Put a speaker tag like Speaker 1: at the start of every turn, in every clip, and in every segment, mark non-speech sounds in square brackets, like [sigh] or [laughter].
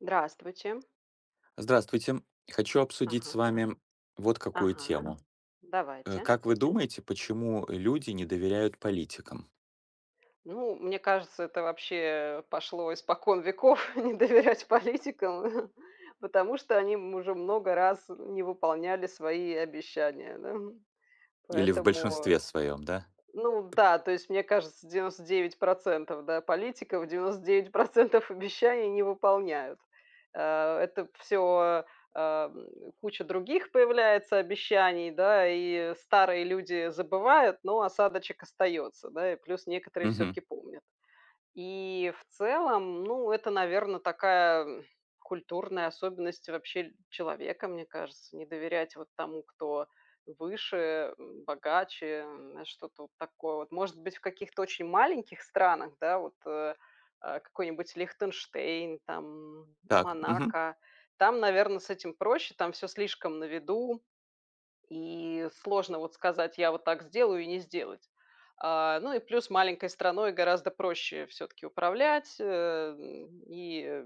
Speaker 1: Здравствуйте.
Speaker 2: Здравствуйте. Хочу обсудить
Speaker 1: Ага.
Speaker 2: с вами вот какую
Speaker 1: Ага.
Speaker 2: тему. Э,
Speaker 1: Давайте.
Speaker 2: как вы думаете, почему люди не доверяют политикам?
Speaker 1: Ну, мне кажется, это вообще пошло испокон веков- не доверять политикам, э, хм. Потому что они м уже много раз, э, не выполняли свои обещания, да.
Speaker 2: Или в
Speaker 1: Поэтому
Speaker 2: большинстве своём, да?
Speaker 1: Ну да, то есть мне кажется, 99 % да, политиков и 99 % обещаний не выполняют. Э, это всё, эм, куча других появляется обещаний, да, и старые люди забывают, но осадочек остается, да, и плюс некоторые
Speaker 2: Мгм.
Speaker 1: всё-таки помнят. И в целом, ну это, наверно, такая, м, культурная особенность л вообще человека, мне кажется: не доверять вот тому, кто выше, богаче, м, что-то вот такое вот. Может быть, в каких-то очень маленьких странах, да, вот, э, а, какой-нибудь: Лихтенштейн там, М
Speaker 2: Так. Мгм.
Speaker 1: Монако- там, наверно, с этим проще, там всё слишком на виду, и сложно вот сказать: я вот так сделаю- и не сделать. А, ну и плюс маленькой страной гораздо проще всё-таки управлять, эм, и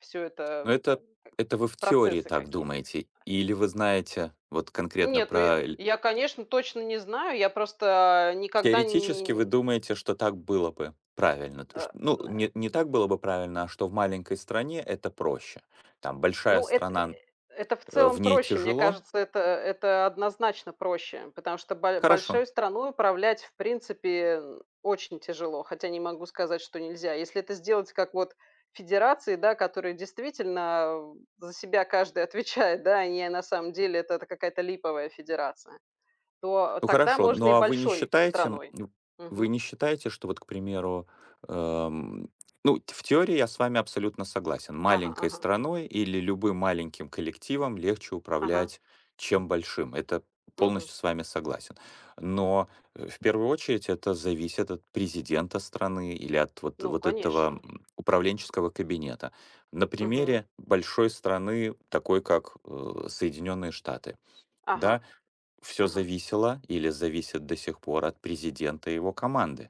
Speaker 1: всё
Speaker 2: Но
Speaker 1: это
Speaker 2: это Это вы в теории
Speaker 1: процессы
Speaker 2: так
Speaker 1: какие-то.
Speaker 2: думаете или вы
Speaker 1: Э.
Speaker 2: знаете вот конкретно
Speaker 1: Нет, ну я
Speaker 2: про ль
Speaker 1: я конечно, точно не знаю, я просто никогда не
Speaker 2: Теоретически вы
Speaker 1: не
Speaker 2: думаете, что так было бы правильно, то ш
Speaker 1: А,
Speaker 2: Ну
Speaker 1: м, э
Speaker 2: не не так было бы правильно, а что в маленькой стране это проще. Там большая
Speaker 1: Ну эт э э
Speaker 2: страна-
Speaker 1: это в целом
Speaker 2: в ней
Speaker 1: проще. Мне
Speaker 2: тяжело
Speaker 1: кажется, это это однозначно проще, потому что бо
Speaker 2: Хорошо.
Speaker 1: большой страной управлять, в принципе, очень тяжело, хотя не могу сказать, что нельзя. Если это сделать как вот федерации, да, которые действительно, э, за себя каждый отвечает, да, а не на самом деле это какая-то липовая федерация, то
Speaker 2: Ну
Speaker 1: тогда
Speaker 2: хорошо,
Speaker 1: можно и
Speaker 2: но а вы не
Speaker 1: большой
Speaker 2: считаете, м,
Speaker 1: страной.
Speaker 2: ну вы
Speaker 1: Мгм.
Speaker 2: не считаете, что вот, к примеру, эм Ну в теории я с вами абсолютно согласен-
Speaker 1: Ага,
Speaker 2: маленькой
Speaker 1: ага.
Speaker 2: страной или любым маленьким коллективом легче
Speaker 1: Ага.
Speaker 2: управлять, чем большим. Это
Speaker 1: Мгм.
Speaker 2: полностью с вами согласен. Но, э, в первую очередь, это зависит от президента страны или от вот,
Speaker 1: Ну
Speaker 2: вот этого,
Speaker 1: конечно.
Speaker 2: у м, управленческого кабинета. На
Speaker 1: Мгм.
Speaker 2: примере большой страны, такой как, э, Соединенные Штаты,
Speaker 1: Ага.
Speaker 2: да. Всё
Speaker 1: Ага.
Speaker 2: зависело или зависит до сих пор от президента и его команды.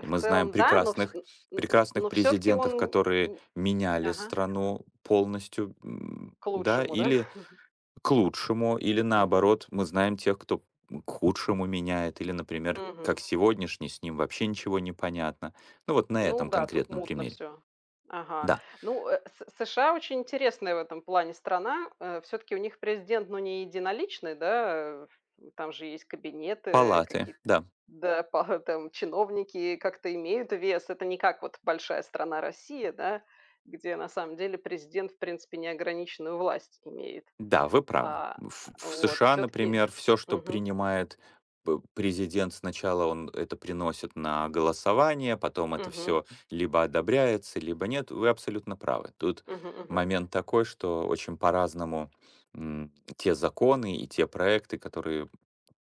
Speaker 2: И мы знаем
Speaker 1: целом, да, но вс
Speaker 2: прекрасных,
Speaker 1: н н н
Speaker 2: прекрасных
Speaker 1: но всё-таки
Speaker 2: президентов,
Speaker 1: он н
Speaker 2: которые
Speaker 1: н
Speaker 2: меняли
Speaker 1: Ага.
Speaker 2: страну полностью, м,
Speaker 1: К
Speaker 2: да,
Speaker 1: лучшему, да.
Speaker 2: или
Speaker 1: [chuckles]
Speaker 2: к лучшему, или,
Speaker 1: Мгм.
Speaker 2: наоборот,- мы знаем тех, кто, м, к худшему меняет, или, например, как
Speaker 1: Мгм.
Speaker 2: сегодняшний- с ним вообще ничего не понятно. Ну вот на
Speaker 1: Ну
Speaker 2: этом
Speaker 1: да, тут
Speaker 2: конкретном
Speaker 1: мутно
Speaker 2: примере.
Speaker 1: всё. Ага.
Speaker 2: Да.
Speaker 1: Ну, э, С С США очень интересная в этом плане страна. Э, всё-таки у них президент ну не единоличный, да, э, ф м, там же есть кабинеты, э,
Speaker 2: Палаты,
Speaker 1: какие-т
Speaker 2: да.
Speaker 1: да, пара там чиновники как-то имеют вес. Это не как вот большая страна Россия, да, где на самом деле президент в принципе неограниченную власть имеет.
Speaker 2: Да, вы правы.
Speaker 1: А
Speaker 2: В в
Speaker 1: а,
Speaker 2: в
Speaker 1: вот
Speaker 2: США,
Speaker 1: всё-таки
Speaker 2: например, всё, что
Speaker 1: Мгм.
Speaker 2: принимает п президент, сначала он это приносит на голосование, потом это
Speaker 1: Мгм.
Speaker 2: всё либо одобряется, либо нет. Вы абсолютно правы. Тут
Speaker 1: Мгм, мгм.
Speaker 2: момент такой, что очень по-разному, м, те законы и те проекты, которые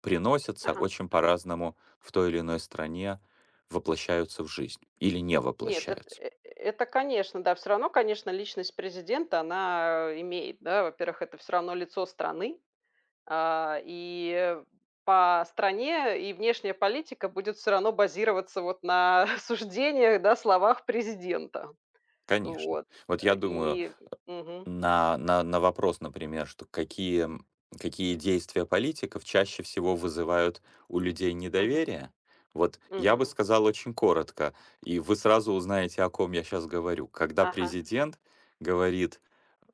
Speaker 2: приносятся,
Speaker 1: Ага.
Speaker 2: очень по-разному в той или иной стране воплощаются в жизнь или не
Speaker 1: Нет, эт
Speaker 2: воплощаются.
Speaker 1: э это, конечно, да, всё равно, конечно, личность президента она имеет, да. Во-первых, это всё равно лицо страны, а, и, э, по стране и внешняя политика будет всё равно базироваться вот на суждениях, да, словах президента.
Speaker 2: Конечно.
Speaker 1: Вот
Speaker 2: Вот я думаю,
Speaker 1: и Мгм.
Speaker 2: а, на на вопрос, например, что: какие м, какие действия политиков чаще всего вызывают у людей
Speaker 1: Мгм.
Speaker 2: недоверие? Вот я бы
Speaker 1: Мгм.
Speaker 2: сказал очень коротко, и вы сразу узнаете, о ком я щас говорю. Когда
Speaker 1: Ага.
Speaker 2: президент говорит,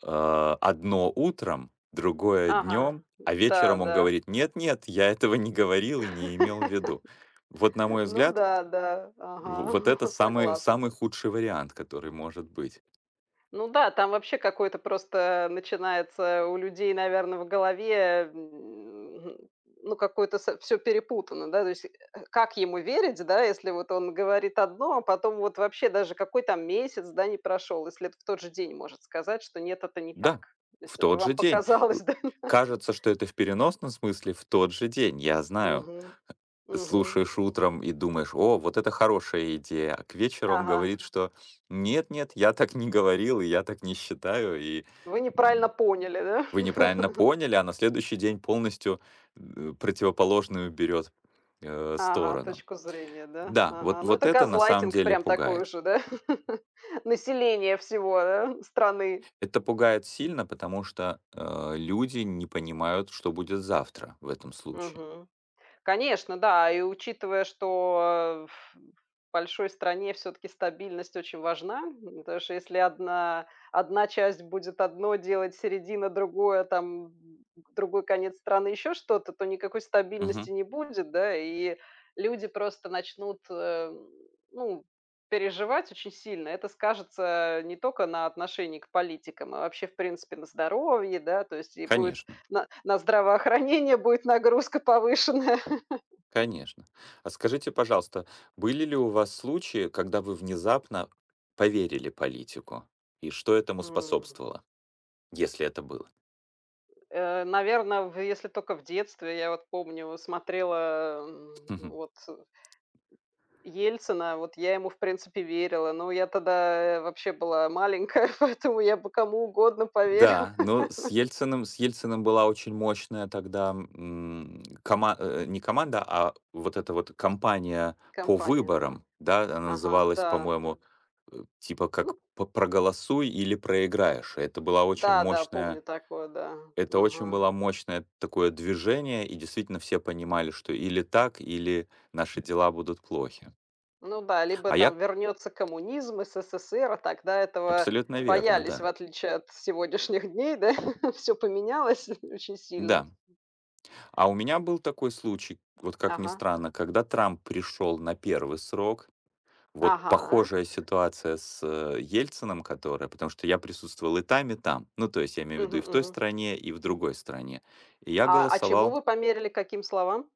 Speaker 2: э, одно утром, другое
Speaker 1: Ага.
Speaker 2: днем, а
Speaker 1: Да,
Speaker 2: вечером он
Speaker 1: да.
Speaker 2: говорит: "Нет, нет, я этого не говорил и не имел в виду". Вот, на
Speaker 1: [laughs]
Speaker 2: мой
Speaker 1: Ну
Speaker 2: взгляд,
Speaker 1: да, да, ага.
Speaker 2: в вот это
Speaker 1: [chuckles]
Speaker 2: самый
Speaker 1: Согласна.
Speaker 2: самый худший вариант, который может быть.
Speaker 1: Ну да, там вообще какое-то просто начинается у людей, наверно, в голове, м, хм, ну какой-то са всё перепутано, да. То есть, э, как ему верить, да, если вот он говорит одно, а потом вот вообще- даже какой там месяц, да, не прошел, если в тот же день может сказать, что: нет, это не так.
Speaker 2: Да,
Speaker 1: То есть
Speaker 2: в
Speaker 1: это
Speaker 2: тот
Speaker 1: вам
Speaker 2: же день. Э.
Speaker 1: показалось, да. [chuckles]
Speaker 2: Кажется, что это в переносном смысле,- в тот же день, я знаю.
Speaker 1: Мгм.
Speaker 2: Э,
Speaker 1: Мгм.
Speaker 2: слушаешь утром и думаешь: "О, вот это хорошая идея". А к вечеру он
Speaker 1: Ага.
Speaker 2: говорит, что: "Нет, нет, я так не говорил, я так не считаю, и,
Speaker 1: Вы неправильно
Speaker 2: м,
Speaker 1: поняли, да?
Speaker 2: вы неправильно
Speaker 1: [chuckles]
Speaker 2: поняли". А на следующий день полностью, э, противоположную берет, э,
Speaker 1: Ага.
Speaker 2: сторону.
Speaker 1: Точку зрения, да.
Speaker 2: Да,
Speaker 1: Ага.
Speaker 2: вот
Speaker 1: Ну
Speaker 2: вот
Speaker 1: это
Speaker 2: это на самом
Speaker 1: газлайтинг
Speaker 2: деле
Speaker 1: прям такой
Speaker 2: пугает.
Speaker 1: уже, да? [laughs] Населения всего, да, страны.
Speaker 2: Это пугает сильно, потому что, э, люди не понимают, что будет завтра в этом случае.
Speaker 1: Мгм. Конечно, да. И учитывая, что, э, ф э, в большой стране всё-таки стабильность очень важна, м, потому что если 1, 1 часть будет одно делать, середина- другое, там, м, другой конец страны- еще что-то, то никакой стабильности
Speaker 2: Мгм.
Speaker 1: не будет, да. И люди просто начнут, э, ну, переживать очень сильно. Это скажется, э, не только на отношении к политикам, а вообще в принципе на здоровье, да. То есть и будет
Speaker 2: Конечно.
Speaker 1: на на здравоохранение, будет нагрузка повышенная.
Speaker 2: Конечно. А скажите, пожалуйста, были ли у вас случаи, когда вы внезапно поверили политику, и что этому
Speaker 1: М.
Speaker 2: способствовало? Если это было.
Speaker 1: Э, наверно, в если только в детстве. Я вот помню смотрела, э,
Speaker 2: Мгм.
Speaker 1: вот, э, м, Ельцина, вот я ему в принципе верила. Но я тогда вообще была маленькая, [chuckles] поэтому я бы кому угодно поверила.
Speaker 2: Да. Ну, с
Speaker 1: [laughs]
Speaker 2: Ельциным с Ельциным была очень мощная тогда, м, кома э, не команда, а вот эта вот кампания по
Speaker 1: Кампания, да.
Speaker 2: выборам. Да. Она
Speaker 1: Ага,
Speaker 2: называлась,
Speaker 1: да.
Speaker 2: по-моему, э, типа как
Speaker 1: Ну.
Speaker 2: "П проголосуй или проиграешь". И это была очень
Speaker 1: Да, да,
Speaker 2: мощная
Speaker 1: помню такое, да.
Speaker 2: это очень
Speaker 1: Ага.
Speaker 2: была мощное такое движение, и действительно все понимали, что или так, или наши дела будут плохи.
Speaker 1: Ну да, либо
Speaker 2: А я
Speaker 1: там вернется коммунизм, СССР. Тогда этого
Speaker 2: Абсолютно верно,
Speaker 1: боялись, в
Speaker 2: да.
Speaker 1: отличие от сегодняшних дней, да. Всё поменялось очень сильно.
Speaker 2: Да. А у меня был такой случай вот, как ни
Speaker 1: Ага.
Speaker 2: странно, когда Трамп пришел на 1 срок. Вот
Speaker 1: Ага.
Speaker 2: похожая ситуация с, э, Ельциным, которая, потому что я присутствовал и там, и там. Ну, то есть я имею
Speaker 1: Мгм,
Speaker 2: ввиду и в той
Speaker 1: мгм.
Speaker 2: стране, и в другой стране. И я
Speaker 1: А, а чему
Speaker 2: голосовал
Speaker 1: вы померили, каким словам?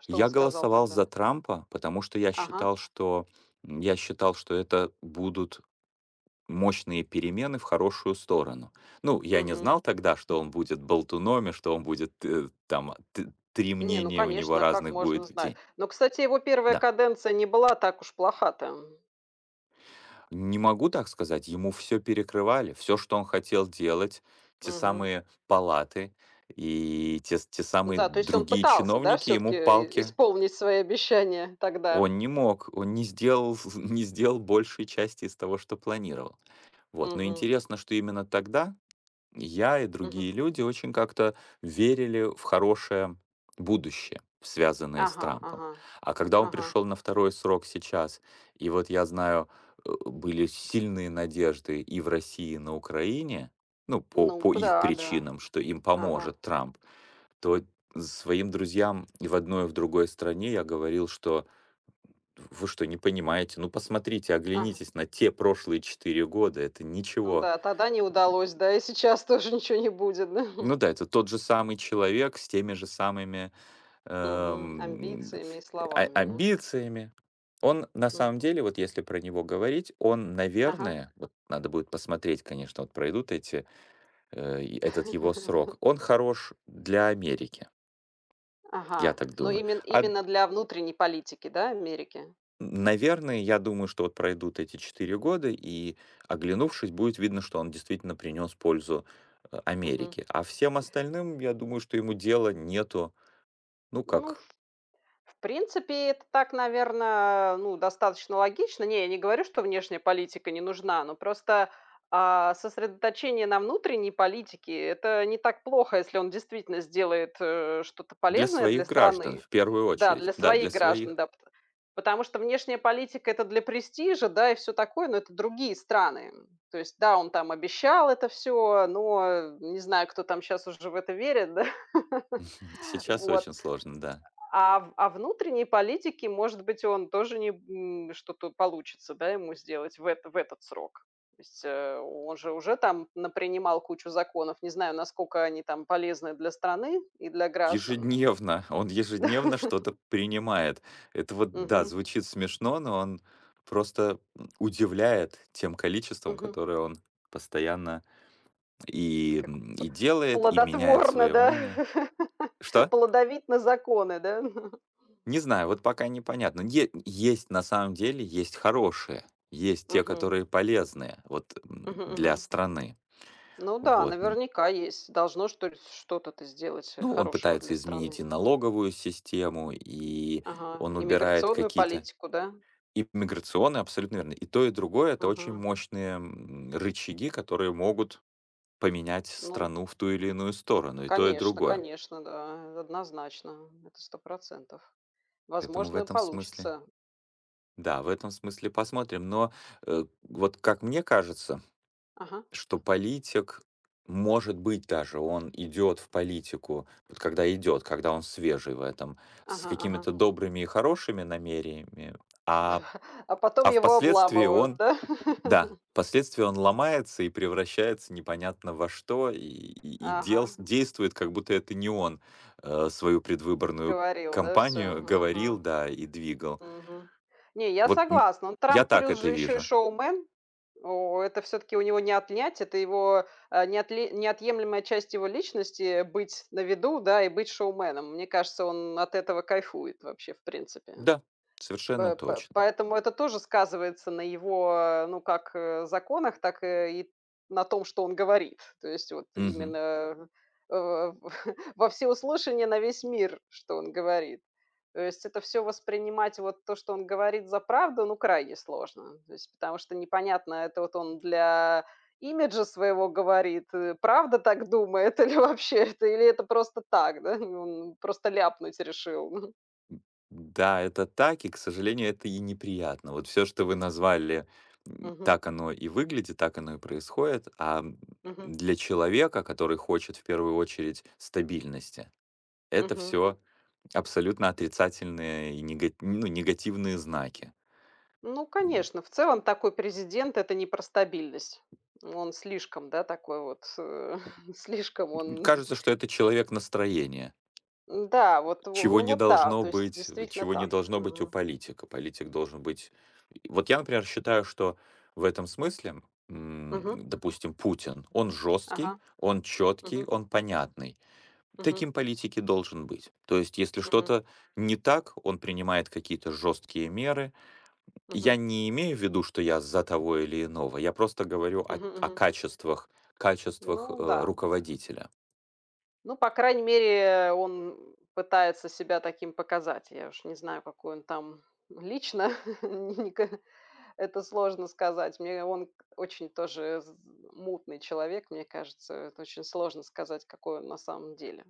Speaker 1: Что он
Speaker 2: я
Speaker 1: сказал
Speaker 2: голосовал за
Speaker 1: тогда?
Speaker 2: Трампа, потому что я
Speaker 1: Ага.
Speaker 2: считал, что, м, я считал, что это будут мощные перемены в хорошую сторону. Ну, я не
Speaker 1: Мгм.
Speaker 2: знал тогда, что он будет болтуном и что он будет т там т три
Speaker 1: Не ну,
Speaker 2: мнения у него
Speaker 1: конечно, как
Speaker 2: разных
Speaker 1: можно
Speaker 2: будет в
Speaker 1: знать.
Speaker 2: день.
Speaker 1: Но, кстати, его 1
Speaker 2: Да.
Speaker 1: каденция не была так уж плоха-то, м.
Speaker 2: Не могу так сказать, ему всё перекрывали, всё, что он хотел делать, те
Speaker 1: Мгм.
Speaker 2: самые палаты и те те самые
Speaker 1: Да, то есть он
Speaker 2: другие
Speaker 1: пытался, да,
Speaker 2: чиновники
Speaker 1: всё-таки
Speaker 2: ему
Speaker 1: и и
Speaker 2: палки
Speaker 1: исполнить свои обещания тогда.
Speaker 2: Он не мог, он не сделал ф ф не сделал большей части из того, что планировал. Вот. Но
Speaker 1: Мгм.
Speaker 2: интересно, что именно тогда я и
Speaker 1: Мгм.
Speaker 2: другие люди очень как-то верили в хорошее будущее, связанное с
Speaker 1: Ага,
Speaker 2: Трампом.
Speaker 1: ага.
Speaker 2: А когда он
Speaker 1: Ага.
Speaker 2: пришел на 2 срок сейчас, и вот я знаю, э, были сильные надежды и в России, и на Украине- ну, по по
Speaker 1: Ну-ка,
Speaker 2: их
Speaker 1: да, да.
Speaker 2: причинам,- что им
Speaker 1: Ага.
Speaker 2: поможет Трамп, то своим друзьям и в одной, и в другой стране я говорил, что: "В вы что, не понимаете? Ну, посмотрите,
Speaker 1: Ага.
Speaker 2: оглянитесь на те прошлые 4 года- это
Speaker 1: Ну
Speaker 2: ничего".
Speaker 1: да, тогда не удалось, да и сейчас тоже ничего не будет, да.
Speaker 2: Ну
Speaker 1: [chuckles]
Speaker 2: да, это тот же самый человек, с теми же самыми,
Speaker 1: Мгм.
Speaker 2: эм,
Speaker 1: Амбициями и
Speaker 2: а
Speaker 1: словами, на.
Speaker 2: амбициями. Он на самом
Speaker 1: Мгм.
Speaker 2: деле, вот если про него говорить, он,
Speaker 1: Ага.
Speaker 2: наверное,- вот надо будет посмотреть, конечно, вот пройдут эти, э этот его срок-
Speaker 1: [chuckles]
Speaker 2: он хорош для Америки. Я
Speaker 1: Ага.
Speaker 2: так
Speaker 1: Но
Speaker 2: думаю.
Speaker 1: имен
Speaker 2: А
Speaker 1: именно для внутренней политики, да, Америки?
Speaker 2: Н наверное, я думаю, что вот пройдут эти 4 года, и, оглянувшись, будет видно, что он действительно принес пользу А
Speaker 1: Мгм.
Speaker 2: Америке. А всем остальным, я думаю, что ему дела нету. Ну
Speaker 1: Ну в
Speaker 2: как
Speaker 1: в принципе это так, наверно, ну достаточно логично. Не, я не говорю, что внешняя политика не нужна, но просто, а, сосредоточение на внутренней политике- это не так плохо, если он действительно сделает, э, что-то
Speaker 2: Для
Speaker 1: полезное
Speaker 2: своих
Speaker 1: для
Speaker 2: граждан
Speaker 1: страны,
Speaker 2: в первую
Speaker 1: да,
Speaker 2: очередь.
Speaker 1: для
Speaker 2: Да, для
Speaker 1: своих граждан,
Speaker 2: своих.
Speaker 1: да, п Потому что внешняя политика- это для престижа, да, и всё такое, но это другие страны, м. То есть да, он там обещал это всё, но, э, не знаю, кто там щас уже в это верит, да. [chuckles]
Speaker 2: Мгм. Сейчас
Speaker 1: Вот,
Speaker 2: очень сложно, да.
Speaker 1: а в а внутренней политике, может быть, он тоже не б м, что-то получится, да, ему сделать в это в этот срок. То есть, э, о он же уже там напринимал кучу законов, не знаю, насколько они там полезны для страны и для граждан.
Speaker 2: Ежедневно, он ежедневно
Speaker 1: Да.
Speaker 2: что-то принимает. Это вот, да,
Speaker 1: Мгм.
Speaker 2: звучит смешно, но он просто, м, удивляет тем количеством,
Speaker 1: Мгм.
Speaker 2: которое он постоянно и,
Speaker 1: Как
Speaker 2: м,
Speaker 1: п
Speaker 2: и делает, и меняет
Speaker 1: плодотворно,
Speaker 2: свое
Speaker 1: да?
Speaker 2: мнение.
Speaker 1: [chuckles]
Speaker 2: Что?
Speaker 1: Плодовит на законы, да? [chuckles]
Speaker 2: Не знаю, вот пока непонятно. Е есть, на самом деле, есть хорошие. Есть те,
Speaker 1: Мгм.
Speaker 2: которые полезные вот, м,
Speaker 1: Мгм,
Speaker 2: для
Speaker 1: мгм.
Speaker 2: страны.
Speaker 1: Ну да,
Speaker 2: Вот н
Speaker 1: наверняка есть. Должно что ли ф что-то то сделать, э,
Speaker 2: Ну он
Speaker 1: хорошего для
Speaker 2: пытается изменить и
Speaker 1: страны.
Speaker 2: налоговую систему, и
Speaker 1: Ага.
Speaker 2: он убирает
Speaker 1: Иммиграционную
Speaker 2: какие-то
Speaker 1: политику, да?
Speaker 2: И миграционные. Абсолютно верно. И то и другое- это очень
Speaker 1: Мгм.
Speaker 2: мощные, м, рычаги, которые могут поменять с
Speaker 1: Ну.
Speaker 2: страну в ту или иную сторону, и то и
Speaker 1: Конечно,
Speaker 2: другое.
Speaker 1: конечно, да, однозначно, это 100 %.
Speaker 2: Поэтому в
Speaker 1: Возможно,
Speaker 2: этом смысле
Speaker 1: получится.
Speaker 2: да, в этом смысле посмотрим, но, э, вот как мне кажется,
Speaker 1: Ага.
Speaker 2: что политик может быть, даже он идет в политику- вот когда идет, когда он свежий в этом- с
Speaker 1: Ага, ага.
Speaker 2: какими-то добрыми и хорошими намерениями, а,
Speaker 1: [chuckles] А потом
Speaker 2: а
Speaker 1: его
Speaker 2: впоследствии
Speaker 1: обламывают,
Speaker 2: он
Speaker 1: да?
Speaker 2: да,
Speaker 1: [laughs]
Speaker 2: впоследствии он ломается и превращается непонятно во что, и и и делс
Speaker 1: Ага.
Speaker 2: действует как будто это не он, э, свою предвыборную
Speaker 1: Говорил, да, всё?
Speaker 2: кампанию говорил,
Speaker 1: Ага.
Speaker 2: да, и двигал.
Speaker 1: Мгм. Не, я
Speaker 2: Вот н
Speaker 1: согласна,
Speaker 2: я
Speaker 1: Трамп
Speaker 2: так
Speaker 1: плюс
Speaker 2: это
Speaker 1: же еще и
Speaker 2: вижу.
Speaker 1: шоумен. О, это всё-таки у него не отнять, это его, а, неотле неотъемлемая часть его личности- быть на виду, да, и быть шоуменом. Мне кажется, он от этого кайфует вообще в принципе.
Speaker 2: Да, совершенно
Speaker 1: П п
Speaker 2: точно.
Speaker 1: поэтому это тоже сказывается на его ну как, э, законах, так, э, и на том, что он говорит. То есть вот
Speaker 2: Мгм.
Speaker 1: именно, э, в во всеуслышание, на весь мир, что он говорит. То есть это всё воспринимать, вот то, что он говорит, за правду, ну крайне сложно. То есть, потому что непонятно, это вот он для имиджа своего говорит и правда так думает, или вообще это или это просто так, да, и он просто ляпнуть решил, мгм.
Speaker 2: М. Да, это так и, к сожалению, это и неприятно. Вот всё, что вы назвали, м,
Speaker 1: Мгм.
Speaker 2: так оно и выглядит, так оно и происходит. А, м,
Speaker 1: Мгм.
Speaker 2: для человека, который хочет, в первую очередь, стабильности- это
Speaker 1: Мгм.
Speaker 2: всё абсолютно отрицательные и нега ну, негативные знаки.
Speaker 1: Ну,
Speaker 2: М.
Speaker 1: конечно. В целом такой президент- это не про стабильность, он слишком, да, такой вот, э, слишком он.
Speaker 2: Кажется, что это человек настроения.
Speaker 1: Н-да вот, во
Speaker 2: Чего
Speaker 1: ну
Speaker 2: не
Speaker 1: вот, да.
Speaker 2: должно
Speaker 1: То есть
Speaker 2: быть, э,
Speaker 1: действительно
Speaker 2: чего не
Speaker 1: так.
Speaker 2: должно быть у
Speaker 1: Мгм.
Speaker 2: политика. Политик должен быть Вот я, например, считаю, что в этом смысле, м,
Speaker 1: Мгм.
Speaker 2: допустим, Путин: он жесткий,
Speaker 1: Ага.
Speaker 2: он четкий,
Speaker 1: Мгм.
Speaker 2: он понятный.
Speaker 1: Мгм.
Speaker 2: Таким политик и должен быть. То есть, если
Speaker 1: Мгм.
Speaker 2: что-то не так, он принимает какие-то жесткие меры. Я
Speaker 1: Мгм.
Speaker 2: не имею в виду, что я за того или иного, я просто говорю о
Speaker 1: Мгм,
Speaker 2: о
Speaker 1: мгм.
Speaker 2: качествах, качествах,
Speaker 1: Ну
Speaker 2: э,
Speaker 1: да.
Speaker 2: руководителя.
Speaker 1: Ну, по крайней мере, э, он, м, пытается себя таким показать. Я уж не знаю, какой он там лично, [laughs] н не ка это сложно сказать. Мне он к очень тоже з з мутный человек, мне кажется, это очень сложно сказать какой он на самом деле.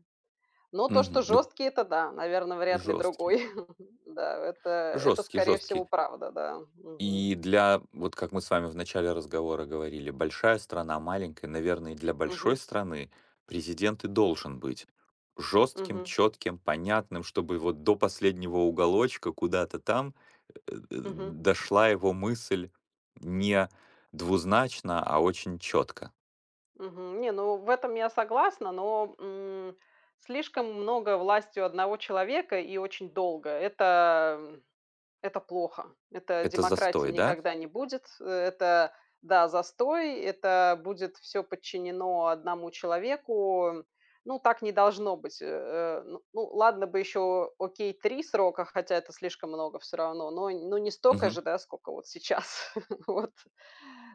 Speaker 1: Но то, что
Speaker 2: Мгм. Ну
Speaker 1: жесткий это да, наверно, вряд ли
Speaker 2: Жесткий.
Speaker 1: другой. [chuckles] Да, это это
Speaker 2: Жесткий,
Speaker 1: скорее
Speaker 2: жесткий.
Speaker 1: всего правда, да. Мгм.
Speaker 2: И для, вот как мы с вами в начале разговора говорили, большая страна, маленькая, наверное для большой
Speaker 1: Мгм.
Speaker 2: страны президент и должен быть жестким,
Speaker 1: Мгм.
Speaker 2: четким, понятным, чтобы вот до последнего уголочка, куда-то там, э э, д
Speaker 1: Мгм.
Speaker 2: дошла его мысль не двузначно, а очень четко.
Speaker 1: Мгм. Не, ну в этом я согласна, но, м, слишком много власти у 1 человека, и очень долго,- это, м, это плохо, это
Speaker 2: Это
Speaker 1: демократией
Speaker 2: застой, да?
Speaker 1: никогда не будет, это да, застой, это будет всё подчинено 1 человеку. Ну, так не должно быть, э э. Ну, ну, ладно бы еще окей, 3 срока, хотя это слишком много всё равно, но н не столько
Speaker 2: Мгм.
Speaker 1: же, да, сколько вот сейчас. [chuckles] Вот.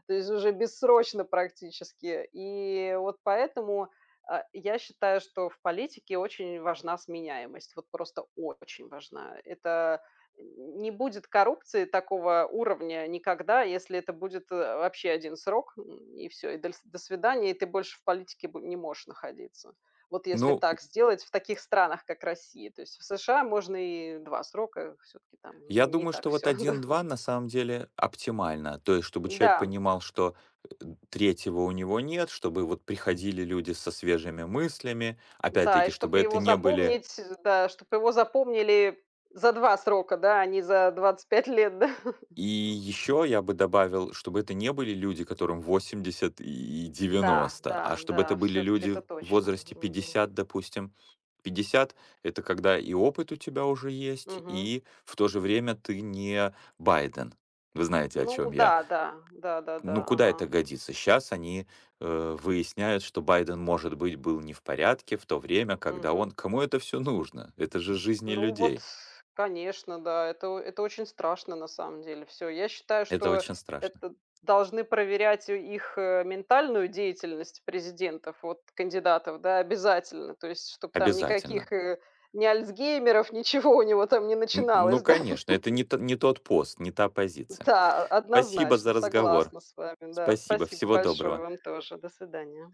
Speaker 1: То есть уже бессрочно практически. И вот поэтому, а, я считаю, что в политике очень важна сменяемость, вот просто очень важна. Это н не будет коррупции такого уровня никогда, если это будет, э, вообще 1 срок, м, и всё, и доль "до свидания", и ты больше в политике бо не можешь находиться. Вот если
Speaker 2: Ну у
Speaker 1: так сделать, в таких странах как Россия, то есть в США можно и 2 срока, все-таки там
Speaker 2: Я
Speaker 1: н не
Speaker 2: думаю,
Speaker 1: так
Speaker 2: что вот
Speaker 1: всё,
Speaker 2: один
Speaker 1: [chuckles] да.
Speaker 2: два на самом деле оптимально, то есть, чтобы человек
Speaker 1: Да.
Speaker 2: понимал, что, э, 3 у него нет, чтобы вот приходили люди со свежими мыслями.
Speaker 1: Да, и
Speaker 2: Опять-таки
Speaker 1: чтоб
Speaker 2: чтобы это
Speaker 1: его
Speaker 2: не были
Speaker 1: запомнить, да, чтоб его запомнили за 2 срока, да, а не за 25 лет, да.
Speaker 2: И еще я бы добавил чтобы это не были люди которым 80 и и
Speaker 1: Да,
Speaker 2: 90, а
Speaker 1: да,
Speaker 2: чтобы это
Speaker 1: да,
Speaker 2: были
Speaker 1: все-таки
Speaker 2: люди
Speaker 1: это
Speaker 2: в
Speaker 1: точно.
Speaker 2: возрасте
Speaker 1: Мгм.
Speaker 2: 50 допустим, 50- это когда и опыт у тебя уже есть,
Speaker 1: Мгм.
Speaker 2: и в то же время ты не Байден. Вы знаете о
Speaker 1: Ну
Speaker 2: чем я?
Speaker 1: да, да.
Speaker 2: Ну
Speaker 1: Да-да-да.
Speaker 2: куда это
Speaker 1: Ага.
Speaker 2: годится? Щас они, э, выясняют, что Байден может быть был не в порядке в то время, когда он
Speaker 1: Мгм.
Speaker 2: Кому это всё нужно? Это же жизни
Speaker 1: Ну вот
Speaker 2: людей!
Speaker 1: с конечно, да, это о это очень страшно на самом деле. Всё, я считаю,
Speaker 2: Это
Speaker 1: что
Speaker 2: очень страшно.
Speaker 1: это должны проверять у их, э, ментальную деятельность президентов, вот кандидатов, да, обязательно, то есть чтоб там
Speaker 2: Обязательно.
Speaker 1: никаких, э, ни альцгеймеров, ничего у него там не
Speaker 2: Н
Speaker 1: начиналось,
Speaker 2: ну,
Speaker 1: да.
Speaker 2: конечно. Это
Speaker 1: [laughs]
Speaker 2: не т не тот пост, не та позиция.
Speaker 1: Да, о
Speaker 2: Спасибо
Speaker 1: однозначно,
Speaker 2: за разговор.
Speaker 1: согласна с вами. Да,
Speaker 2: Спасибо,
Speaker 1: спасибо
Speaker 2: всего
Speaker 1: большое,
Speaker 2: доброго.
Speaker 1: вам тоже. До свидания!